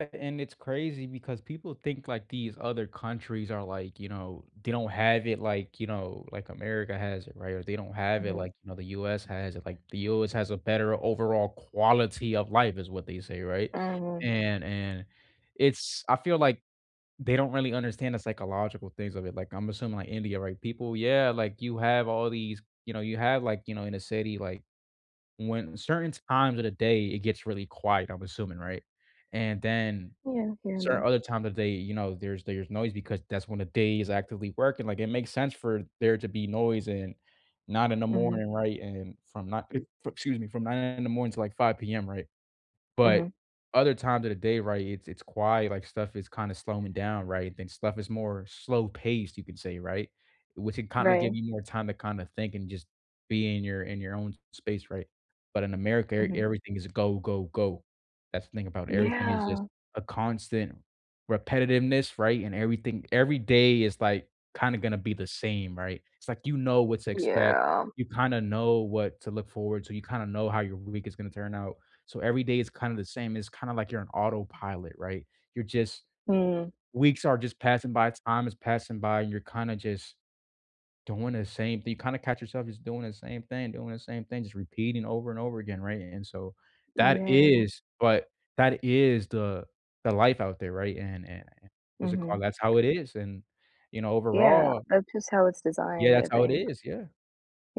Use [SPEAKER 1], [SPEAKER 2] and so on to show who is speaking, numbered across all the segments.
[SPEAKER 1] [unintelligible] and it's crazy because people think, like, these other countries are, like, you know they don't have it like, you know, like America has it, right? Or they don't have it
[SPEAKER 2] Mhm.
[SPEAKER 1] like, you know, the U.S. has it. Like, "The U.S. has a better overall quality of life," is what they say, right?
[SPEAKER 2] Mhm.
[SPEAKER 1] And and it's I feel like they don't really understand the psychological things of it. Like, I'm assuming like India, right, people yeah, like, you have all these you know, you have, like, you know, in a city, like, when certain times of the day it gets really quiet, I'm assuming, right? And then
[SPEAKER 2] Yeah, I hear
[SPEAKER 1] certain
[SPEAKER 2] that.
[SPEAKER 1] other times of day, you know, there's there's noise because that's when the day is actively working. Like, it makes sense for there to be noise and not in the
[SPEAKER 2] Mhm.
[SPEAKER 1] morning, right? And from ni fr excuse me from 9:00 in the morning to like 5:00 PM, right? But
[SPEAKER 2] Mhm.
[SPEAKER 1] other times of the day, right, it's it's quiet, like, stuff is kinda slowing down, right? I think stuff is more slow-paced, you could say, right? Which it kinda give
[SPEAKER 2] Right.
[SPEAKER 1] you more time to kinda think and just be in your in your own space, right? But in America, er
[SPEAKER 2] Mhm.
[SPEAKER 1] everything is a go, go, go. That's the thing about everything is just
[SPEAKER 2] Yeah.
[SPEAKER 1] a constant repetitiveness, right? And everything every day is, like, kinda gonna be the same, right? It's like, you know, what to expect.
[SPEAKER 2] Yeah.
[SPEAKER 1] You kinda know what to look forward to, you kinda know how your week is gonna turn out, so every day is kinda the same. It's kinda like you're on autopilot, right? You're just
[SPEAKER 2] Mm.
[SPEAKER 1] weeks are just passing by, time is passing by, you're kinda just doing the same thi you kinda catch yourself just doing the same thing, doing the same thing, just repeating over and over again, right? And so, that
[SPEAKER 2] Yeah.
[SPEAKER 1] is but that is the the life out there, right? And and a yeah, what's it
[SPEAKER 2] Mhm.
[SPEAKER 1] called? That's how it is, and, you know,
[SPEAKER 2] Yeah,
[SPEAKER 1] overall
[SPEAKER 2] that's just how it's
[SPEAKER 1] Yeah,
[SPEAKER 2] designed, I
[SPEAKER 1] that's how it
[SPEAKER 2] think.
[SPEAKER 1] is. Yeah.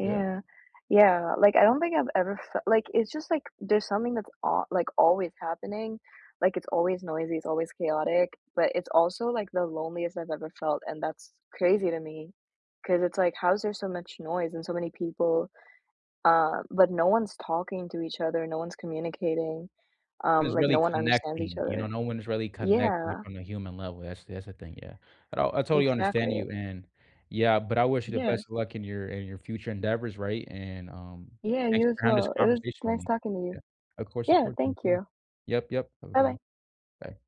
[SPEAKER 1] Yeah.
[SPEAKER 2] yeah. Like, I don't think I've ever fel like, it's just, like, there's something that's al like, always happening. Like, it's always noisy, it's always chaotic, but it's also, like, the loneliest I've ever felt, and that's crazy to me 'cause it's like, how is there so much noise and so many people, uh, but no one's talking to each other, no one's communicating, um,
[SPEAKER 1] Is
[SPEAKER 2] like, no
[SPEAKER 1] really
[SPEAKER 2] one understands each
[SPEAKER 1] connecting, you know?
[SPEAKER 2] other?
[SPEAKER 1] No one is really connected, like,
[SPEAKER 2] Yeah.
[SPEAKER 1] on a human level. That's that's the thing, yeah. Oh, I totally understand
[SPEAKER 2] Exactly.
[SPEAKER 1] you, and yeah, but I wish you the
[SPEAKER 2] Yeah.
[SPEAKER 1] best of luck in your in your future endeavors, right? And, um,
[SPEAKER 2] Yeah,
[SPEAKER 1] thanks
[SPEAKER 2] you as
[SPEAKER 1] for having this
[SPEAKER 2] well. It was
[SPEAKER 1] conversation with
[SPEAKER 2] nice
[SPEAKER 1] me.
[SPEAKER 2] talking to
[SPEAKER 1] Yeah.
[SPEAKER 2] you.
[SPEAKER 1] Of course, of
[SPEAKER 2] Yeah,
[SPEAKER 1] course,
[SPEAKER 2] thank
[SPEAKER 1] welcome.
[SPEAKER 2] you.
[SPEAKER 1] Yep, yep. Have a good
[SPEAKER 2] Buh-bye.
[SPEAKER 1] one. Bye.